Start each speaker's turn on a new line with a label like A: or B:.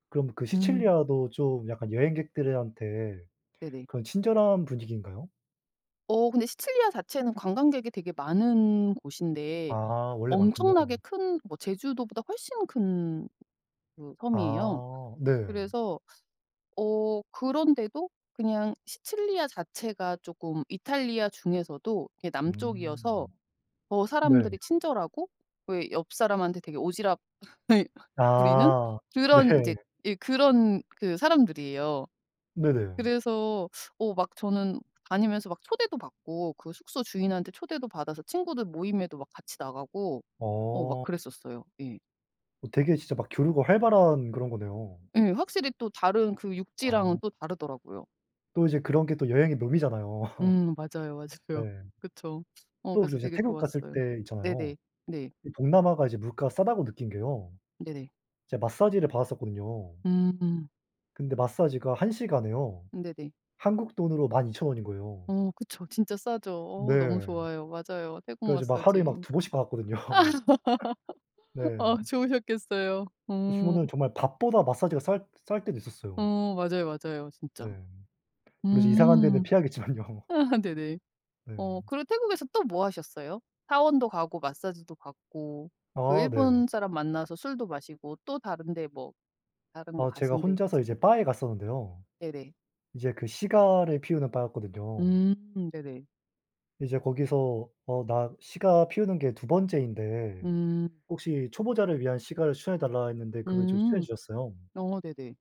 A: 그럼 그
B: 음.
A: 시칠리아도 좀 약간 여행객들한테
B: 네네.
A: 그런 친절한 분위기인가요?
B: 어 근데 시칠리아 자체는 관광객이 되게 많은 곳인데
A: 아 원래
B: 엄청나게
A: 많군요.
B: 큰 뭐 제주도보다 훨씬 큰 그 섬이에요.
A: 아 네.
B: 그래서 어 그런데도 그냥 시칠리아 자체가 쪼끔 이탈리아 중에서도 이렇게 남쪽이어서
A: 음.
B: 어
A: 네.
B: 사람들이 친절하고 또 에 옆사람한테 되게 오지랖 부리는
A: 아 네.
B: 그런 인제 이 그런 그 사람들이에요.
A: 네네.
B: 그래서 어 막 저는 다니면서 막 초대도 받고 그 숙소 주인한테 초대도 받아서 친구들 모임에도 막 같이 나가고 어 막
A: 어.
B: 그랬었어요. 예.
A: 어 되게 진짜 막 교류가 활발한 그런 거네요.
B: 예. 확실히 또 다른 그 육지랑은
A: 아.
B: 또 다르더라고요.
A: 또 이제 그런 게 또 여행의 묘미잖아요.
B: 음 맞아요.
A: 네.
B: 맞아요. 그쵸. 어
A: 또
B: 그래서
A: 이제
B: 되게
A: 태국 갔을
B: 좋았어요.
A: 때 있잖아요.
B: 네네. 네.
A: 이 동남아가 이제 '물가가 싸다.'고 느낀 게요.
B: 네네.
A: 제가 마사지를 받았었거든요.
B: 음.
A: 근데 마사지가 1 시간에요.
B: 네네.
A: 한국 돈으로 12,000 원인 거예요.
B: 어 그쵸. 진짜 싸죠.
A: 네.
B: 어 너무 좋아요. 맞아요. 태국
A: 그래 가지고 막 하루에 막
B: 마사지.
A: 2 번씩 받았거든요. 네.
B: 아 좋으셨겠어요.
A: 그
B: 음.
A: 시원하고 정말 밥보다 마사지가 쌀 쌀 때도 있었어요.
B: 어 맞아요, 맞아요
A: 네.
B: 진짜.
A: 뭐 이제 이상한 데는
B: 음
A: 피하겠지만요.
B: 네네. 어
A: 네.
B: 그리고 태국에서 또 뭐 하셨어요? 사원도 가고 마사지도 받고 그
A: 아 네.
B: 일본 사람 만나서 술도 마시고 또 다른 데 뭐 다른 거
A: 아 제가
B: 가신 데
A: 혼자서
B: 있으세
A: 이제 바에 갔었는데요.
B: 네네.
A: 이제 그 시가를 피우는 바였거든요.
B: 음 네네.
A: 이제 거기서 어 나 시가 피우는 게 2 번째인데
B: 음.
A: 혹시 초보자를 위한 시가를 추천해 달라 했는데 그걸 이제 추천해
B: 음.
A: 주셨어요.
B: 어 네네.